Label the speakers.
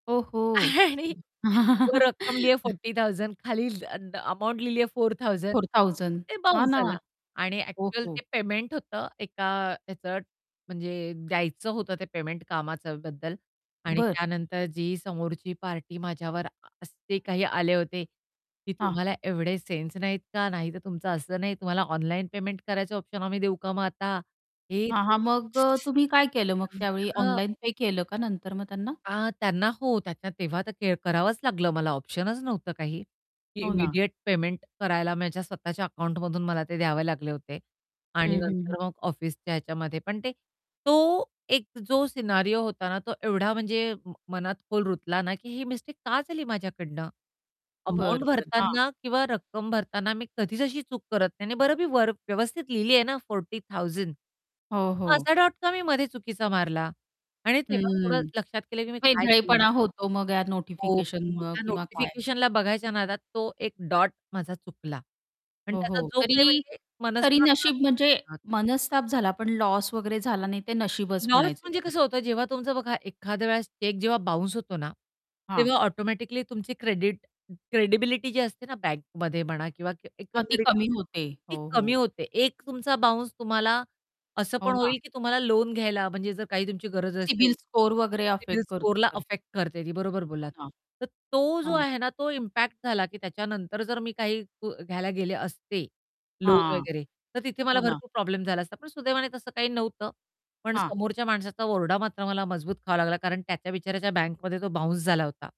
Speaker 1: ओ हो!
Speaker 2: आणि वो रकम लिया 40,000 खाली ल अ, अन् अमाउंट लिहिली आहे 4,000
Speaker 1: 4,000
Speaker 2: ते
Speaker 1: हां
Speaker 2: बाउन्स
Speaker 1: ना.
Speaker 2: झाला आणि
Speaker 1: हो,
Speaker 2: ॲक्चुअल
Speaker 1: हो.
Speaker 2: ते पेमेंट होतं एका ह्याचं म्हणजे द्यायचं होतं ते पेमेंट कामाच्याबद्दल आणि
Speaker 1: बरं.
Speaker 2: त्यानंतर जी समोरची पार्टी माझ्यावर असे काही आले होते, की
Speaker 1: हां.
Speaker 2: "तुम्हाला एवढे सेन्स नाहीत का? नाहीतर तुमचं असं नाही तुम्हाला ऑनलाईन पेमेंट करायचं ऑप्शन आम्ही देऊ का मग आता?" हे,
Speaker 1: हां,
Speaker 2: ते.
Speaker 1: हां. मग अ,
Speaker 2: [unintelligible]
Speaker 1: तुम्ही काय केलं मग त्यावेळी
Speaker 2: हां.
Speaker 1: ऑनलाईन पे केलं का नंतर मग त्यांना?
Speaker 2: अ, त्यांना हो, त्याच्या तेव्हा तर क करावंच लागलं मला ऑप्शनच नव्हतं काही, की
Speaker 1: हो ना.
Speaker 2: इमिडिएट पेमेंट करायला माझ्या स्वतःच्या अकाउंटमधून मला ते द्यावे लागले होते.
Speaker 1: हं,
Speaker 2: आणि
Speaker 1: हं,
Speaker 2: नंतर
Speaker 1: हं.
Speaker 2: मग ऑफिसच्या ह्याच्यामध्ये पण ते तो एक जो सिनारियो होता ना, तो एवढा म्हणजे म मनात खोल रुतला ना की ही मिस्टेक का झाली माझ्याकडनं? अमाउंट
Speaker 1: बरं, बरं. हां.
Speaker 2: भरताना किंवा रक्कम भरताना मी कधीच अशी चूक करत नाही आणि बरं मी वर व्यवस्थित लिहिली आहे ना 40,000,
Speaker 1: हो,
Speaker 2: मग
Speaker 1: हो.
Speaker 2: असा डॉट का मी मध्ये चुकीचा मारला? आणि तेव्हा थोडं
Speaker 1: हम्म.
Speaker 2: लक्षात केलं की मी काय केलेलं.
Speaker 1: वेंधळेपणा होतो मग या
Speaker 2: हो, हो,
Speaker 1: नोटिफिकेशनमुळं
Speaker 2: त्या
Speaker 1: किंवा काय.
Speaker 2: नोटिफिकेशनला बघायच्या नादात तो एक डॉट माझा चुकला आणि
Speaker 1: हो,
Speaker 2: त्याचा
Speaker 1: हो.
Speaker 2: जो काही
Speaker 1: तरी
Speaker 2: म्हणजे
Speaker 1: तरी
Speaker 2: मनस्ताप
Speaker 1: नशीब म्हणजे
Speaker 2: [unintelligible]
Speaker 1: मनस्ताप झाला पण लॉस वगैरे झाला नाही ते नशीबच
Speaker 2: लॉस
Speaker 1: म्हणायचं
Speaker 2: म्हणजे
Speaker 1: तुमचं.
Speaker 2: कसं होतं, जेव्हा तुमचं बघा एखाद्या वेळेस चेक जेव्हा बाउन्स होतो ना,
Speaker 1: हां.
Speaker 2: तेव्हा ऑटोमॅटिकली तुमची क्रेडिट क्रेडिबिलिटी जी असते ना बँकमध्ये म्हणा किंवा
Speaker 1: हां, ती
Speaker 2: एकंदरीत
Speaker 1: कमी
Speaker 2: [unintelligible]
Speaker 1: होते.
Speaker 2: ती
Speaker 1: हो,
Speaker 2: कमी
Speaker 1: हो.
Speaker 2: होते. एक तुमचा बाउन्स तुम्हाला असं
Speaker 1: हो
Speaker 2: पण
Speaker 1: ना.
Speaker 2: होईल, की तुम्हाला लोन घ्यायला म्हणजे जर काही तुमची गरज असेल,
Speaker 1: सिबिल स्कोर वगैरे
Speaker 2: सीबील
Speaker 1: अफेक्ट करतो,
Speaker 2: स्कोररला
Speaker 1: बरोबर.
Speaker 2: अफेक्ट करते ती, बरोबर
Speaker 1: हो
Speaker 2: बोललात.
Speaker 1: ना.
Speaker 2: तर तो जो
Speaker 1: हां.
Speaker 2: आहे ना तो इम्पॅक्ट झाला, की त्याच्यानंतर जर मी काही ग घ्यायला गेले असते, लोन
Speaker 1: हां.
Speaker 2: वगैरे तर तिथे
Speaker 1: हो
Speaker 2: मला
Speaker 1: ना.
Speaker 2: भरपूर प्रॉब्लेम झाला असता, पण सुदैवाने तसं काही नव्हतं. पण
Speaker 1: हां.
Speaker 2: समोरच्या माणसाचा ओरडा मात्र मला मजबूत खावा लागला. कारण त्याच्या बिचाऱ्याच्या बँकमध्ये तो बाउन्स झाला होता.